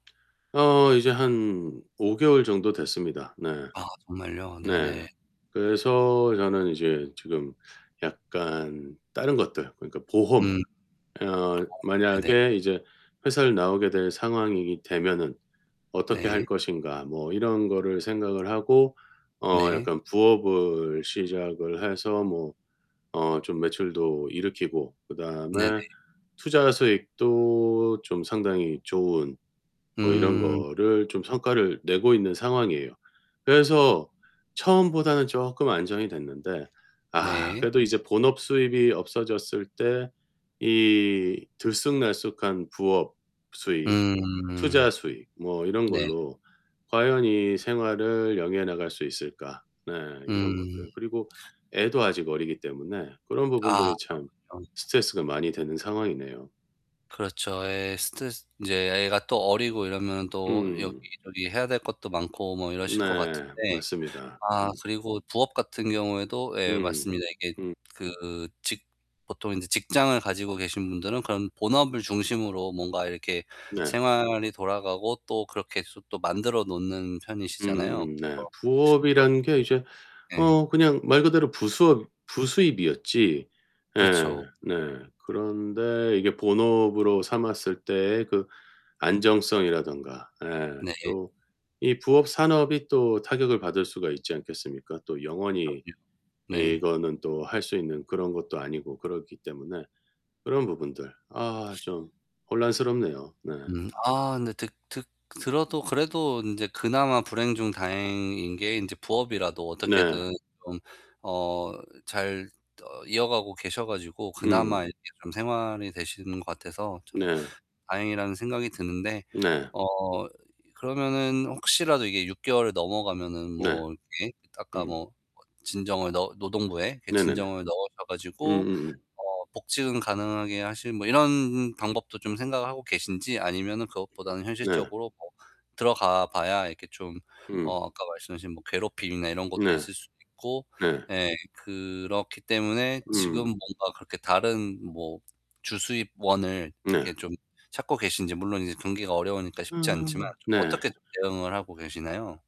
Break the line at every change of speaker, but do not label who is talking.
어, 이제 한 5 개월 정도 됐습니다. 네.
아 정말요?
네.
네네.
그래서 저는 이제 지금 약간 다른 것들 그러니까 보험.
음.
어
네네.
만약에 이제 회사를 나오게 될 상황이게 되면은 어떻게 할
네.
것인가 뭐 이런 거를 생각을 하고 어
네.
약간 부업을 시작을 해서 뭐 어 좀 매출도 일으키고
네네.
그다음에 투자 수익도 좀 상당히 좋은 뭐 이런
음.
거를 좀 성과를 내고 있는 상황이에요. 그래서 처음보다는 쪼끔 안정이 됐는데 아
네.
그래도 이제 본업 수입이 없어졌을 때 이 들쑥날쑥한 부업 수입,
음.
투자 수익 뭐 이런
네.
걸로 과연 이 생활을 영위해 나갈 수 있을까 네 이런
음.
것들 그리고 애도 아직 어리기 때문에 그런
아
부분들이 참
그렇군요.
스트레스가 많이 되는 상황이네요.
그렇죠. 예, 스트레스 인제 애 애가 또 어리고 이러면 또
음.
여기저기 해야 될 것도 많고 뭐 이러실 것 같은데.
네, 맞습니다.
아
음.
그리고 부업 같은 경우에도 예
음.
맞습니다. 이게
음.
그 직 보통 인제 직장을 가지고 계신 분들은 그런 본업을 중심으로 뭔가 이렇게
네.
생활이 돌아가고 또 그렇게 해서 또 만들어 놓는 편이시잖아요.
음음음. 네,
뭐 그런
부업이란 게 이제
예.
어 그냥 말 그대로 부수업 부수입이었지 예
그렇죠.
네. 그런데 이게 본업으로 삼았을 때에 그 안정성이라던가 예
네.
또 이 부업 산업이 또 타격을 받을 수가 있지 않겠습니까? 또 영원히
그럼요. 네.
이거는 또 할 수 있는 그런 것도 아니고 그렇기 때문에 그런 부분들 아 좀 혼란스럽네요. 네.
음 아 근데 드 드 들어도 그래도 인제 그나마 불행 중 다행인 게 인제 부업이라도
네.
어떻게든 좀 어 잘 어 이어가고 계셔 가지고
음.
그나마 이렇게 좀 생활이 되시는 것 같아서 참
네.
다행이라는 생각이 드는데
네.
어 그러면은 혹시라도 이게 6 개월을 넘어가면은
네.
뭐 이렇게 아까
음.
뭐 진정을 넣 노동부에 이렇게
네네네.
진정을 넣으셔 가지고
음음음.
어 복직을 가능하게 하실 뭐 이런 방법도 좀 생각을 하고 계신지 아니면은 그것보다는
네.
현실적으로 뭐 들어가 봐야 이렇게 좀
음.
어 아까 말씀하신 뭐 괴롭힘이나 이런 것도
네.
있을 수도 있고
네.
예 그렇기 때문에 지금
음.
뭔가 그렇게 다른 뭐 주 수입원을
네.
이렇게 좀 찾고 계신지 물론 이제 경기가 어려우니까 쉽지 않지만
음. 네.
어떻게 대응을 하고 계시나요?